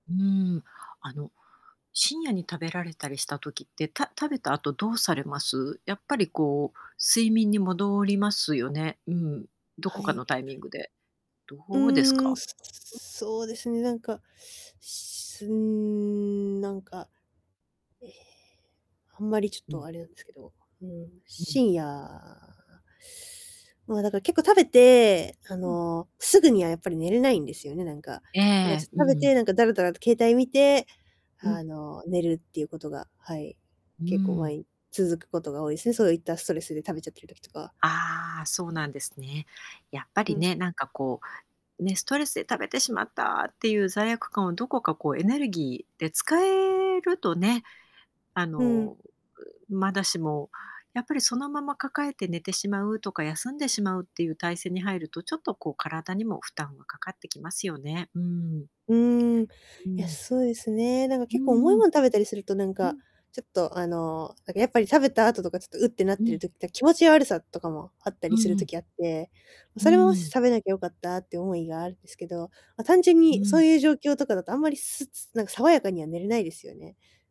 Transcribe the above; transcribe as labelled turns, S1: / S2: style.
S1: うーん、あの、深夜に食べられたりした時って、た食べた後どうされます？やっぱり、こう、睡眠に戻りますよね。うん。ど
S2: は
S1: こか
S2: い。
S1: のタイミングで。ど
S2: う
S1: うです
S2: ーん、
S1: か？
S2: す
S1: う。
S2: すそうですね、なんか、しうーん、なんか、ええ、あんまりちょっ
S1: う
S2: と
S1: ん。
S2: あれなんすけど、うん、
S1: うん。
S2: 深夜、まあ、だから結構食べて、あ
S1: うん。
S2: の、すぐにはやっぱり寝れないんですよね、なんか。
S1: え
S2: だから、ちょ
S1: え、
S2: っ
S1: う
S2: と食
S1: ん
S2: べ
S1: うん。
S2: て、なんか、だらだらと携帯見て、
S1: う
S2: あ
S1: ん。
S2: の、寝るっていうことが、はい、
S1: うー
S2: 結構、ま
S1: ん。
S2: い続くことが多いすね、そういったストレスで食べちゃってる時とか。
S1: ああ、そうなんですね。やっぱ
S2: う
S1: り
S2: ん。
S1: ね、なんか、こう、ね、ストレスで食べてしまったっていう罪悪感を、どこかこう、エネルギーで使えるとね、あ
S2: うん。
S1: の、うう、まだしも、やっぱりそのまま抱えて寝てしまうとか、休んでしまうっていう体勢に入ると、ちょっとこう、体にも負担がかかってきますよね、うん。
S2: うーん。い
S1: う
S2: や、
S1: ん。
S2: そうですね。なんか
S1: う
S2: 結構
S1: ん
S2: 重い
S1: う
S2: も
S1: ん。
S2: ん食べたりすると、なん
S1: う
S2: か、
S1: ん。
S2: ちょっと、あの、なんかやっぱり食べた後とか、ちょっと「う」ってなっ
S1: う
S2: てる
S1: ん。
S2: 時、た気持ち悪さとかもあったり
S1: う
S2: する
S1: んうん。
S2: 時あって、
S1: う
S2: それも、し
S1: ーん。
S2: 食べなきゃ良かったって思いがあんですけど、ま、単純
S1: う
S2: に、そ
S1: ん。
S2: ういう状況とかだとあんまり、すつなんか爽やかには寝れないですよね。